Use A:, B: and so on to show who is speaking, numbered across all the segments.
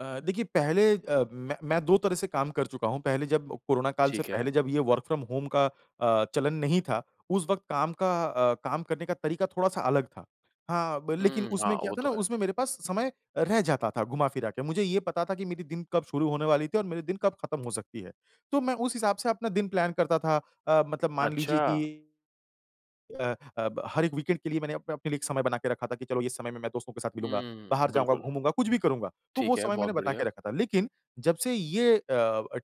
A: अ, देखिए पहले अ, मैं मैं 2 तरह से काम कर चूका हूँ। पहले जब कोरोना काल से
B: ठीक है।
A: पहले जब ये वर्क फ्रॉम होम का अ, चलन नहीं था उस वक़्त काम का अ, काम करने का तरीका थोड़ा-सा अलग था। हाँ ब लेकिन
B: हुँ, हाँ,
A: उसमें क्या
B: वो
A: था
B: तो
A: ना
B: है।
A: उसमें मेरे पास समय रह जाता था, घुमा-फिरा के मुझे ये पता था कि मेरी दिन कब शुरू होने वाली थी और मेरे दिन कब खत्म हो सकती है। तो मैं उस हिसाब से अपना दिन प्लान करता था अ, मतलब मान लीजिए कि
B: अच्छा।
A: अ अ, ब हर एक वीकेंड के लिए मैंने आप अपने लिए एक समय बना के रखा था कि चलो इस समय में मैं दोस्तों के साथ मिलूँगा। बाहर
B: हम्म,
A: जाऊँगा,
B: बिल्कुल।
A: घूमूँगा कुछ भी करूँगा, तो वो
B: ठीक है,
A: समय मैंने
B: बहुत
A: बता के
B: बढ़िया।
A: रखा था। लेकिन जब से ये अ,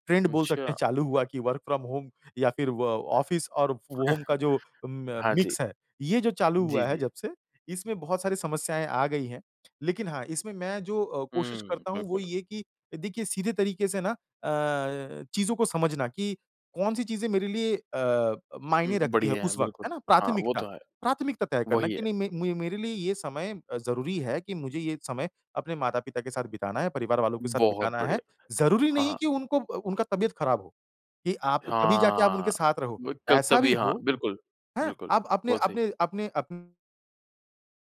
A: ट्रेंड बोल सकते
B: अच्छा।
A: हैं चालू हुआ कि वर्क फ्रॉम होम या फिर व ऑफिस और व होम का जो अ, म
B: हाँ जी।
A: मिक्स है। ये जो चालू
B: जी,
A: हुआ है
B: जी।
A: जब से इसमें बहुत सारी समस्याएँ आ गई हैं। लेकिन हाँ इसमें मैं जो अ, कोशिश
B: हम्म,
A: करता हूँ वो
B: बिल्कुल।
A: ये है कि देखिए सीधे तरीके से ना अ, चीज़ों को समझना कि कौन-सी चीज़ें मेरे लिए अ,
B: हुँ,
A: मायने रखती हैं
B: बढ़िया है,
A: उस वक़्त
B: बिल्कुल,
A: है ना?
B: हाँ, वो
A: प्राथमिकता,
B: तो है।
A: प्राथमिकता तय करना
B: वही
A: कि
B: है।
A: नहीं म मेरे लिए ये समय अ, ज़रूरी है कि मुझे ये समय अपने माता-पिता के साथ बिताना है, परिवार वालों के साथ
B: बहुत
A: बिताना है।
B: बढ़िया,
A: ज़रूरी
B: हाँ,
A: नहीं
B: हाँ।
A: कि अ, उनको ब उनका तबीयत खराब हो कि आप तभी जाके आप उनके
B: हाँ,
A: साथ रहो।
B: ब क
A: ऐसा भी
B: तभी हाँ,
A: हो
B: बिल्कुल,
A: हाँ
B: बिल्कुल,
A: आप अपने
B: बहुत सही।
A: अपने अपने अपन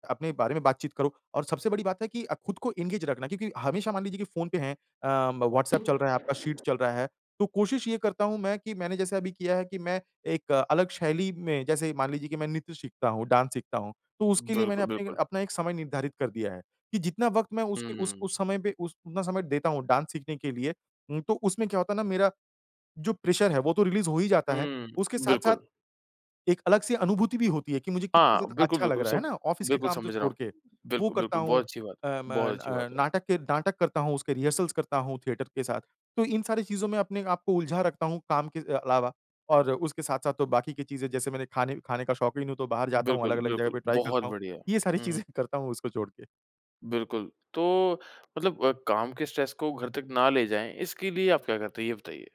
A: अपने बारे में बात-चीत करो और सबसे बड़ी बात है कि अ, खुद को एंगेज रखना क्योंकि हमेशा मान लीजिए कि फ़ोन पे हैं अ, व्हाट्सएप चल रहा है, आपका शीट चल रहा है। तो कोशिश ये करता हूँ मैं कि मैंने जैसे अभी किया है कि मैं एक अलग शैली में जैसे मान लीजिए कि मैं नृत्य सीखता हूँ, डांस सीखता हूँ। तो उसके लिए मैंने
B: बिल्कुल,
A: अपने
B: बिल्कुल।
A: अपना एक समय निर्धारित कर दिया है कि जितना वक़्त मैं उसके उस
B: हम्म।
A: उस समय पे उस उतना समय देता हूँ, डांस सीखने के लिए उ तो उसमें क्या होता है ना मेरा जो प्रेशर है वो तो रिलीज हो ही जाता है।
B: हुँ,
A: उसके साथ-साथ
B: बिल्कुल।
A: एक अलग-सी अनुभूति भी होती है कि मुझे कितना
B: हाँ,
A: ज़्यादा
B: बिल्कुल,
A: अच्छा लग
B: बिल्कुल,
A: रहा है
B: सम
A: है ना ऑफिस के
B: बिल्कुल
A: काम तो
B: समझ रहा
A: छोड़
B: हूँ,
A: के वो
B: बिल्कुल,
A: करता
B: बिल्कुल,
A: हूँ
B: बहुत अच्छी बात
A: अ, म
B: है, बहुत अच्छी बात
A: अ,
B: है।
A: नाटक ए नाटक करता हूँ, उसके रिहर्सल्स करता हूँ, थिएटर के साथ। तो इन सारी चीजों में अपने आप को उलझा रखता हूँ, काम के अ, अलावा और उसके साथ-साथ तो बाकी की चीज़ें जैसे मैंने खाने खाने का शौकीन हूँ, तो बाहर जाता हूँ
B: बिल्कुल,
A: अलग-अलग जगह
B: बिल्कुल
A: पे ट्राई
B: बहुत
A: करता हूँ।
B: बढ़िया है।
A: ये सारी
B: हुँ, हुँ।
A: चीज़ें करता हूँ उसको छोड़ के।
B: बिल्कुल। तो मतलब अ, काम के स्ट्रेस को घर तक ना ले जाएँ, इसके लिए आप क्या करते हैं? ये बताइए।